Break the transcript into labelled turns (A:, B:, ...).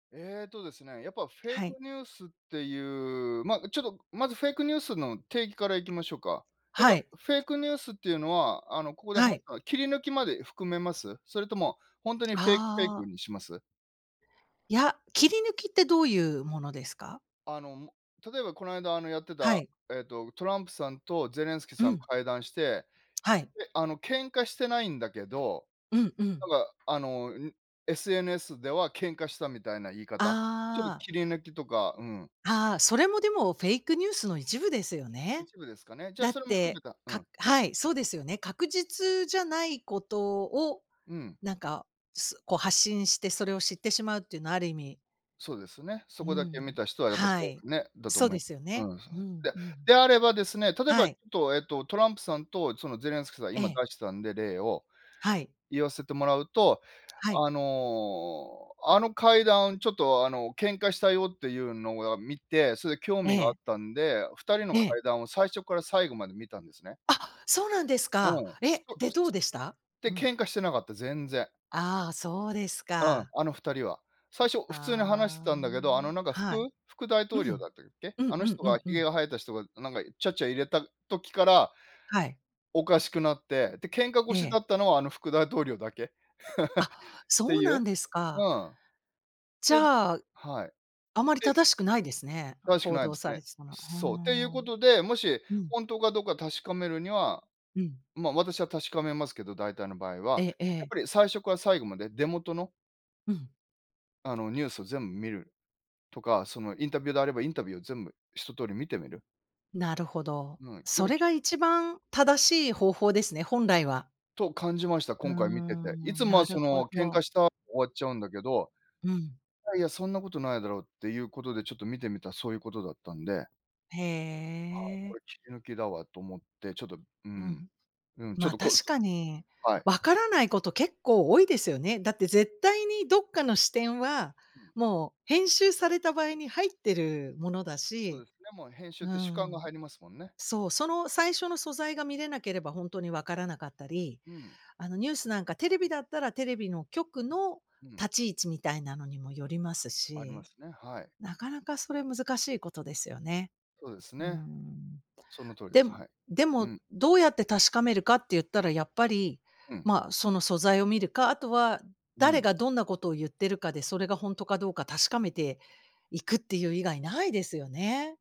A: えっとですね、やっぱフェイ
B: は
A: ク
B: い。
A: ニュースっていう、ま、ちょっとまずフェイクニュースの定義からいきましょうか？やっ
B: は
A: ぱ、
B: い。
A: フェイクニュースっていうのは、あの、ここで
B: は
A: 判
B: い。
A: 断、切り抜きまで含めます？それとも、ほんとにフェイクフェイ
B: あ
A: ク
B: あ。
A: にします？
B: や、切り抜きってどういうものですか？
A: あの、も例えばこないだ、あの、やって
B: は
A: た、
B: い。
A: えっと、トランプさんとゼレンスキ
B: う
A: さん
B: ん。
A: 会談して、
B: はい。
A: で、あの、喧嘩してないんだけど、
B: うんう
A: なん
B: ん。
A: か、あの、ん、SNS では喧嘩したみたいな言い方？ちょっと
B: ああ。
A: 切り抜きとか、うん。
B: ああ、それもでもフェイクニュースの一部ですよね。
A: 一部ですかね。じゃあ、
B: だっ
A: それも含め
B: て、
A: たう
B: か
A: ん。
B: はい、そうですよね。確実じゃないことを、
A: うん。
B: なんか、すこう発信してそれを知ってしまうっていうのは、ある意味
A: そうですね。
B: う
A: そ
B: ー
A: こだけ見
B: ん。
A: た人はやっぱそ
B: は
A: う
B: い。
A: ふね、だとお
B: そう
A: め
B: ですよね。
A: うん、そ
B: うん、
A: え、で、
B: うん。
A: であればですね、例えば
B: は
A: っ
B: い。
A: と、えっと、トランプさんとそのゼレンスキさん
B: え
A: 今
B: え。
A: 出してたんで、例を、
B: はい。
A: 言わせてもらうと、
B: はい。
A: あの、あの会談をちょっと、あの、喧嘩したよっていうのをは見て、それで興
B: え
A: 味があっ
B: え。
A: たんで、二人の
B: ええ。
A: 会談を最初から最後まで見たんですね。
B: あ、そうなんです
A: う
B: か。
A: ん。す
B: え、
A: こ
B: で、
A: お
B: どう
A: す
B: でした？う
A: で、
B: ん。
A: 喧嘩してなかった、全然。
B: ああ、そうです
A: うん、
B: か。
A: あの、二人は。最初普通に話して
B: ああ、う
A: たんだけど、あ
B: ん、
A: の、なんか
B: はい。
A: 副副大
B: う
A: 統領
B: ん。
A: だったっけ？
B: うん
A: あの
B: うん
A: 人
B: う
A: が
B: んう
A: 髭
B: ん。
A: が生えた人がなんがいちゃちゃ入れた時から、
B: はい。
A: おかしくなって、で、喧嘩
B: え
A: 腰だ
B: え。
A: ったのは、あの副大統領だけ、っ
B: あ、
A: て
B: そう
A: い
B: な
A: う。
B: んです
A: う
B: か。
A: ん、
B: じ
A: で
B: ゃあ、
A: はい。
B: あまり
A: で
B: 正しくないですね、
A: 正しく
B: 報
A: ない
B: 道
A: です
B: さ
A: ね。
B: れてたの。うー
A: そう、っていうこ
B: ん。
A: とで、もし、
B: うん。
A: ほんとかどうか確かめるには、
B: うん。
A: ま、私は確かめますけど、大体の場合
B: え
A: は、
B: ええ
A: やっ
B: え。
A: ぱり最初から最後まで出元の
B: うん。
A: あの、ニュースを全見るとか、そのインタビューであれば、インタビューを全部一通り見てみる？
B: なるほど。
A: うん、やっ
B: そ
A: ぱ、
B: れ
A: き
B: が一番正しい方法ですね、本来は。
A: と感じました、
B: うー
A: 今回見てて。い
B: ん、
A: つも
B: な
A: は、
B: る
A: そ
B: ほ
A: の、喧
B: ど。
A: 嘩した終わっちゃうんだけど、
B: うん。
A: いやいや、そんなことないだろうっていう事で、ちょっと見てみたらそういう事だったんで
B: へ
A: あ、
B: え。
A: これ切り抜きだわと思って、ちょっと、う
B: う
A: ん、
B: ん。
A: うん、ちょっ
B: ま、
A: とコス
B: 確
A: ト
B: かに、
A: はい。
B: わからないこと結構多いですよね。だって絶対にどっかの視点は、
A: うん。
B: もう編集された場合に入ってるものだ
A: そう
B: し、
A: ですね。もう編集っ
B: うー
A: て主観が
B: ん。
A: 入りますもんね。
B: そう、その最初の素材が見れなければほんとにわからなかったり、
A: うん。
B: あの、ニュースなんか、テレビだったらテレビの局の
A: うん。
B: 立ち位置みたいなのにもよります
A: ありま
B: し、
A: すね、はい。
B: なかなかそれ難しいことですよね。
A: そうです
B: うー
A: ね。
B: ん。
A: その通りで
B: で
A: す、は
B: も
A: い、
B: で
A: う
B: も、
A: ん。
B: どうやって確かめるかって言ったらやっぱり、
A: うん。
B: ま、その素材を見るか、あとは、
A: う
B: 誰
A: ん。
B: がどんなことを言ってるかで、それがほんとかどうか確かめていくっていう以外ないですよね。